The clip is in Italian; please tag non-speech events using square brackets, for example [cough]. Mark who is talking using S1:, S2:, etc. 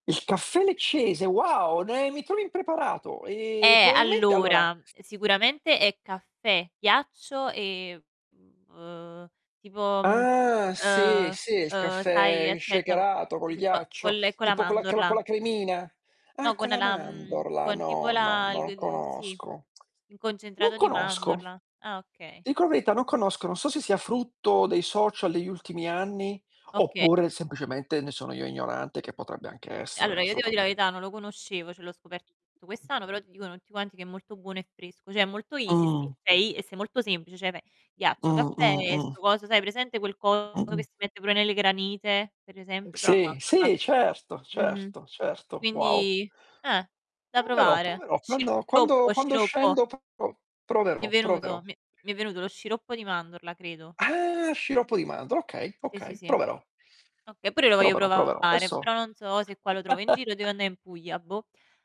S1: Il caffè leccese, wow, ne mi trovi impreparato. Ehm,
S2: Eh,
S1: probabilmente, allora
S2: allora, ehm, sicuramente è caffè, ghiaccio e, mhmm, uhm, tipo,
S1: Ah, sì,
S2: ehm,
S1: sì, il
S2: ehm, sai
S1: caffè
S2: aspetta con
S1: shakerato, col
S2: [unintelligible] fo con
S1: ghiaccio,
S2: le con la
S1: tipo con la cla con
S2: mandorla.
S1: la cremina. Ah,
S2: No con
S1: con la
S2: la mhmm,
S1: mandorla,
S2: con tipo
S1: no, no,
S2: la
S1: non
S2: g sì.
S1: conosco.
S2: I
S1: Non
S2: concentrato di
S1: conosco,
S2: mandorla. Ah, okay.
S1: dico la verità, non conosco, non so se sia frutto dei social degli ultimi anni,
S2: Oka
S1: oppure semplicemente, ne sono io ignorante che potrebbe
S2: Mh.
S1: anche essere,
S2: Allora, io devo dì la
S1: assolutame
S2: verità non lo conoscevo, cioè l'ho scoperto quest'anno, però ti dicono tutti quanti che è molto buono e fresco, cioè è molto easy esti
S1: Mh.
S2: sei e sei molto semplice, cioè pe ghiaccio, caffè,
S1: Mh-mh,
S2: e sto
S1: mh.
S2: coso, sai hai presente quel coso
S1: Mh.
S2: che si mette pure nelle granite, per esempio, però a
S1: Sì,
S2: mandorla.
S1: sì, certo,
S2: Mh-mh.
S1: certo, certo. Wow.
S2: Quindi Eh, da
S1: Proverò,
S2: provare.
S1: proverò. Quando quando
S2: Sciroppo,
S1: quando
S2: sciroppo.
S1: scendo proverò,
S2: Mi è
S1: proverò,
S2: venuto,
S1: proverò.
S2: mi è mi è venuto lo sciroppo di mandorla, credo.
S1: Ah, sciroppo di mandorle, okay,
S2: Sì sì
S1: okay!
S2: sì.
S1: Proverò.
S2: Oka pure io lo voglio
S1: Proverò, proverò.
S2: provare, però
S1: Esso.
S2: non so se qua lo trovo in giro o devo
S1: [laughs]
S2: anda' in Puglia, boh.